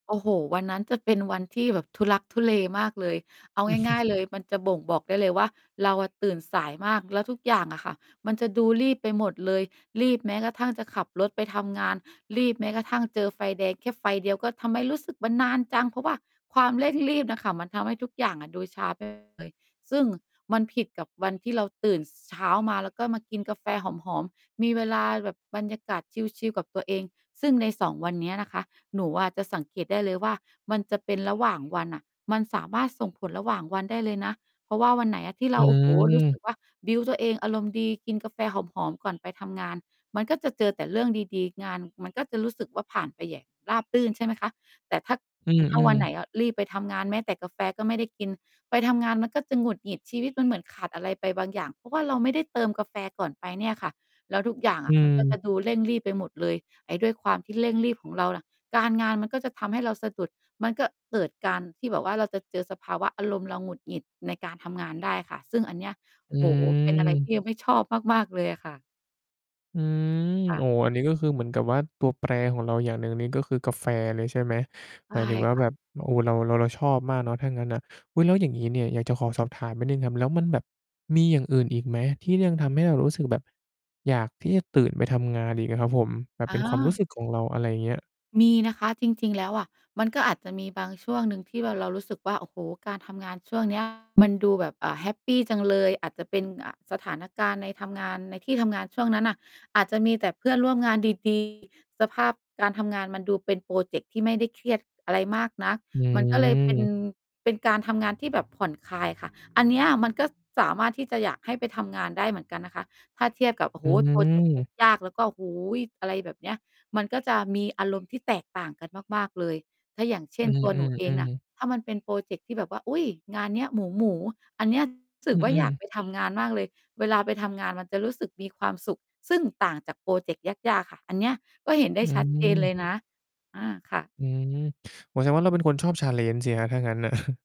โอ้โฮ วันนั้นจะเป็นวันที่แบบทุลักทุเลมากเลย เอาง่าย ๆ เลยมันจะบ่งบอกได้เลยว่าเราอะตื่นสายมาก แล้วทุกอย่างอะค่ะมันจะดูรีบไปหมดเลย รีบแม้กระทั่งจะขับรถไปทำงาน รีบแม้กระทั่งเจอไฟแดงแค่ไฟเดียวก็ "ทำไมรู้สึกมันนานจัง?" เพราะว่าความ เร่งรีบ น่ะค่ะ มันทำให้ทุกอย่างอะดูช้า ไปหมด เลย ซึ่งมันผิดกับวันที่เราตื่น ส เช้ามา ก็มากินกาแฟหอม ๆ มีเวลาแบบบรรยากาศชิล ๆ กับตัวเอง ซึ่งใน 2 วันเนี้ยนะคะ หนูอะจะสังเกตได้เลยว่า มันจะเป็นระหว่างวันอะมันสามารถส่งผลระหว่างวันได้เลยนะ เพราะว่าวันไหนอะที่เอรา โอ้โฮ รู้สืึม กว่า บิลด์ ตัวเองอารมณ์ดี กินกาแฟหอม ๆ ก่อนไปทำงาน มันก็จะเจอแต่เรื่องดี ๆ งานมันก็จะรู้สึกว่าผ่านไปอย่างราบรื่น ใช่ไหมคะ แต่ถ้า อืถ้าวัอ นไหนๆ อะ รีบไปทำงานแม้แต่กาแฟก็ไม่ได้กิน ไปทำงานมันก็จะหงุดหงิด ชีวิตมันเหมือนขาดอะไรไปบางอย่าง เพราะว่าเราไม่ได้เติมกาแฟก่อนไปเนี่ยค่ะ แล้วทุกอย่างออืะมันก็จะม ดูเร่งรีบไปหมดเลย ไอ้ด้วยความที่เร่งรีบของเราน่ะ การงานมันก็จะทำให้เราสะดุด มันก็เกิดการที่แบบว่า เราจะเจอสภาวะอารมณ์เราหงุดหงิดในการทำงานได้ค่ะ ซึ่งอันเนี้ย อืโอ้โฮ เป็นอะไรทีม ่เราไม่ชอบมาก ๆ เลยอะค่ะ อืม ค่โอะ ้ อันนี้ก็คือเหมือนกับว่า ตัวแปรของเราอย่างหนึ่งนี่ก็คือกาแฟเลยใช่ไหม? ใชหม่ ายถึงว่าค่แะ บบ โอ้ เรา เรา เราชอบมากเนาะ ถ้างั้นน่ะ อุ๊ย แล้วอย่างงี้เนี่ย อยากจะขอสอบถามนิดหนึ่งครับ แล้วมันแบบมีอย่างอื่นอีกไหมที่ยังทำให้เรารู้สึกแบบอยากที่จะตื่นไปทำงานอีกอะครับผม? แบบอเ๋ป็นความรูอ ้สึกของเรา อะไรอย่างเงี้ย มีนะคะจริง ๆ แล้วอะ มันก็อาจจะมีบางช่วงหนึ่งที่ว่าเรารู้สึกว่า โอ้โฮ การทำงานช่วง เนี้ย มันดูแบบ อ่า แฮปปีจังเลย อาจจะเป็น อ่า สถานการณ์ในทำงาน ในที่ทำงานช่วงนั้นน่ะ อาจจะมีแต่เพื่อนร่วมงาน ดี ๆ สภาพการทำงานมันดูเป็นพรอเจกต์ที่ไม่ได้เครียดอะไรมากนัก อืมันก็เลยเป็น ม เป็นการทำงานที่แบบผ่อนคลายค่ะ อันเนี้ยมันก็สามารถที่จะอยากให้ไปทำงานได้เหมือนกันนะคะ ถ้าเทียบกับ โอ้โอฮ ืพรอเจกต์ม ยาก ๆ แล้วก็ โอ้โฮ! อะไรแบบเนี้ย มันก็จะมีอารมณ์ที่แตกต่างกันมาก ๆ เลย ถ้าอย่างเชอ่ืน ตัวหนูเองน่อ ะ ๆ ๆ ถ้ามันเป็นพรอเจกต์ที่แบบว่า "อุ๊ย! งานเนี้ยหมู ๆ" อันเนี้ยจะ รู้สอึืกว่าอยอ ากไๆ ปทำงานมากเลย เวลาไปทำงานมันจะรู้สึกมีความสุข ซึ่งต่างจากพรอเจกต์ยาก ๆ ค่ะ อันเนี้ยก็เห็นไดอ้ืชัดเจนเลยม นะ อา ค่ะ อืม โอ้ แสดงว่าเราเป็นคนชอบ challenge สิครับ ถ้างั้นน่ะ